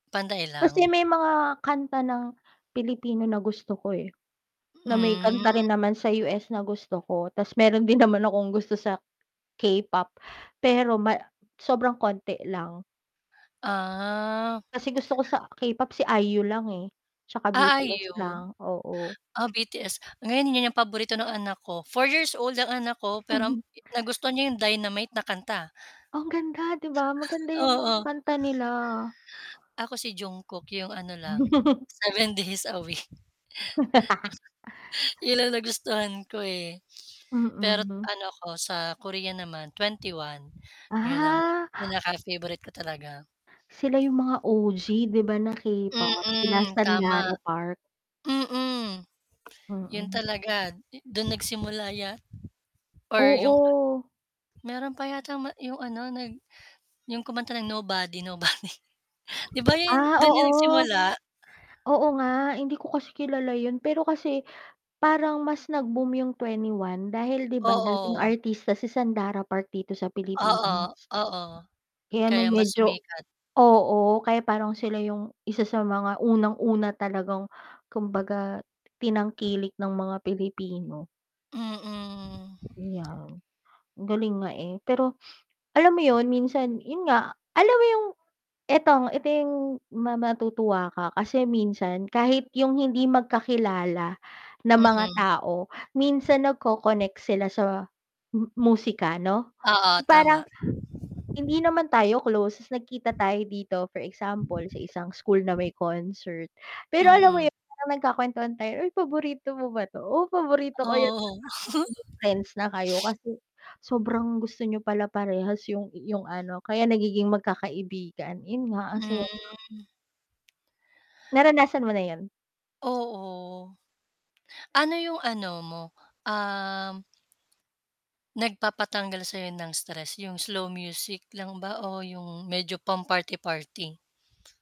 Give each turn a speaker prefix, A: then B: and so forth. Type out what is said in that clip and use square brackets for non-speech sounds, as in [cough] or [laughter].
A: Pantay
B: Kasi
A: lang.
B: may mga kanta ng Pilipino na gusto ko, eh, na may
A: Hmm.
B: kanta rin naman sa US na gusto ko, tas meron din naman akong gusto sa, K-pop, pero ma sobrang konti lang.
A: Ah.
B: Kasi gusto ko sa K-pop si IU lang, eh, tsaka
A: Ah,
B: BTS
A: IU,
B: lang, oo.
A: ah, BTS, ngayon 'yung paborito ng anak ko, four years old ang anak ko pero, um,
B: [chuckles]
A: nagustuhan niya 'yung Dynamite na kanta.
B: Ang ganda di ba, maganda 'yung mga
A: Oo.
B: kanta nila.
A: Ako si Jungkook 'yung ano lang,
B: [chuckles]
A: seven days a week. [chuckles]
B: [laughs]
A: 'Yun lang nagustuhan ko, eh, [gasps] pero
B: Mm.
A: ano ako, sa Korea naman, 21, 'yun ang
B: Ah.
A: pinaka-favorite ko talaga.
B: Sila 'yung mga OG di ba, na K-pop, sila
A: Mm, tama.
B: Sandara Park?
A: Mm, 'yun
B: Mm.
A: talaga, yu do'n nagsimula yat or 'yung
B: Oo.
A: meron pa yatang ma 'yung ano, nag 'yung kumanta ng Nobody Nobody. 'Di ba, 'yun
B: Ah,
A: do'n 'yun
B: oo.
A: nagsimula?
B: Oo nga, hindi ko kasi kilala 'yun, pero kasi, parang mas nag-boom 'yung 2ne1 dahil di ba, dating
A: Oo.
B: artista si Sandara Park dito sa
A: Oo,
B: Pilipinas.
A: oo.
B: Kaya no'ng
A: Kaya mas
B: medyo
A: sumikat.
B: oo, kaya parang sila 'yung, isa sa mga unang-una talagang, kumbaga, tinangkilik ng mga Pilipino.
A: Mm. [clicks tongue]
B: 'Yan. Ang galing nga, eh, pero [sniffs] alam mo 'yon, minsan 'yun nga, alam mo 'yung itong ito 'yung ma matutuwa ka kasi minsan, kahit 'yung hindi magkakilala na mga
A: Mm.
B: tao, minsan nagko-connect sila sa mu musika 'no,
A: Oo, tama.
B: parang, hindi naman tayo close tas nagkita tayo dito, for example sa isang school na may concert, pero alam mo
A: Mm.
B: 'yun parang nagkakuwentuhan tayo, "ay paborito mo ba 'to, oh paborito ko 'yan."
A: Oo.
B: [unintelligible] Friends na kayo
A: [giggles] [sniffs]
B: kasi, sobrang gusto niyo pala parehas 'yung 'yung ano kaya nagiging magkakaibigan. 'Yun nga, ang saya lang.
A: Hmm.
B: Naranasan mo na 'yon?
A: Oo. [clicks tongue] Ano 'yung ano mo, um nagpapatanggal sa'yo ng stress, 'yung slow music lang ba o 'yung medyo pang party party?